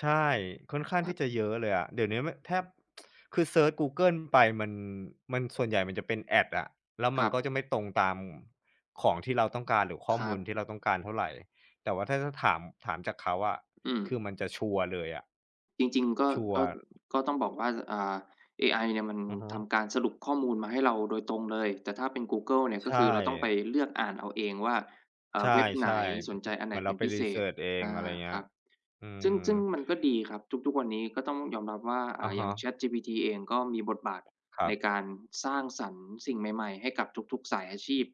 ใช่ ค่อนข้างครทัี่บ จะเยอะเลยอะ เดี๋ยวเนี้ยไม่ แทบ คือเซิร์ชกูเกิลไปมัน มันส่วนใหญ่มันจะเป็น Ads อะ แล้วคมัรนักบ ็จะไม่ตรงตามของที่เราต้องการ หรือข้อครมัูลบ ที่เราต้องการเท่าไร แต่ว่าถ้า ถ้าถาม ถามจากเขาอะ อืคืม อมันจะชัวร์เลยอะ จริง ๆ ก็ ชัวกร็ ์ ก็ต้องบอกว่า อ่า เอไอเนี่ย มันอือฮทึ ำการสรุปข้อมูลมาให้เราโดยตรงเลย แต่ถ้าเป็นกูเกิลเนี่ย ใชก็คือเราต้องไป่ เลือกอ่านเอาเองว่า อ่ใชา ่ เว็บไๆ หน? อ สนใจอันไเหหมนือนเเปร็านไป พิรีเศเซิษ? ร์ช เออง อะไรา เงี้ครย ับ อืซึ่ม ง ซึ่งมันก็ดีครับ ทุก ทุกวันนี้ก็ต้องยอมรับว่า อ่อะา ฮอย่าง ะ ChatGPT เอง ก็มีบทบาทครัในบ การสร้างสรรค์สิ่งใหม่ ๆ ให้กับทุก ๆ สายอาชีพ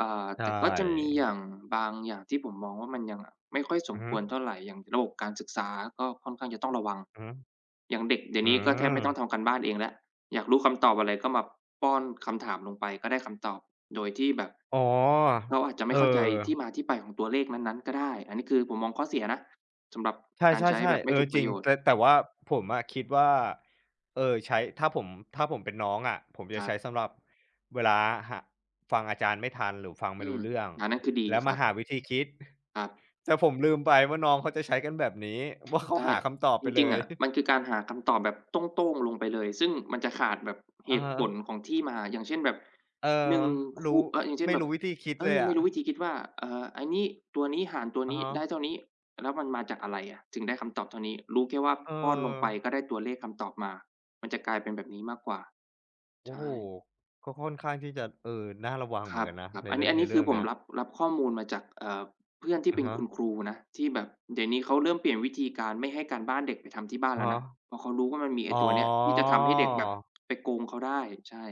อ่า ใชแต่ก็จะมีอย่ ่างบางอย่างที่ผมมองว่า มันยังไม่ค่อยสอืมอฮคึ วรเท่าไร อย่างระบบการศึกษาก็ค่อนข้างจะต้องระวัง อือฮึ อย่างเด็กเดี๋ยอวืนี้ก็แทบไม่ต้องม ทำการบ้านเองแล้ว อยากรู้คำตอบอะไร ก็มาป้อนคำถามลงไป ก็ได้คำตอบโดยที่แบบอ๋อ เราอาจจะไเมอ่อ เข้าใจที่มาที่ไปของตัวเลขนั้น ๆ ก็ได้ อันนี้คือผมมองข้อเสียนะ สำหรับใการใช้ชแ่ บๆ บๆ ไมเ่อถอูกปจรระิโง ยชนแต์ ่ แต่ว่าผมอะคิดว่า เออ ใช้ ถ้าผม ถ้าผมเป็นน้องอะ ผมจคะรัใช้บ สำหรับเวลาหา ฟังอาจารย์ไม่ทัน หรือฟังไอืม่รูม ้เรื่อง อันนั้นคือดีแล้วครมัาบ หาวิธีคิด ครับ แต่ผมลืมไปว่า น้องเขาจะใช้กันแบบนี้ ว่าเขา ใช่ หาคำตอบไจปเลริง ๆ ย อะ มันคือการหาคำตอบแบบโต้ง ๆ ลงไปเลย ซึ่งมันจะขาดแบบเอหะตฮุผละ ของที่มา อย่างเช่นแบบ เออ 1 ครูู ้ อ อะ อย่างเช่ไมน่แบรู้บ วิธีคิดเอเล่ยอ ไอมะ ่รู้วิธีคิดว่า เอ่อ อันนี้ ตัวนี้หารตัวอะนี้ฮได้ะ เท่านี้ แล้วมันมาจากอะไรอะ? ถึงได้คำตอบเท่านี้ รู้แค่ว่าป้อนลงไปเออ ก็ได้ตัวเลขคำตอบมา มันจะกลายเป็นแบบนี้มากกว่า โอใ้ชโฮ ่ ก็ค่อนข้างที่จะ เออ น่าระวังคเหมรือนกันนะับ ในๆ อันเรนืี่้ อง อันในนี้เรคืื่อองผเนีม้ย รับ รับข้อมูลมาจาก เอ่อ เพื่อนทีอ่เะป็นฮคุณะ ครูนะ ที่แบบเดี๋ยวนี้เขาเริ่มเปลี่ยนวิธีการไม่ให้การบ้านเด็กไปทำที่บ้านอแะล้ฮวะ นะ เพราะเขารู้ว่ามันมีไออ้๋อ ตัวเนี้ยที่จะทำให้เด็กแบบไปโกงเขาได้ ใช่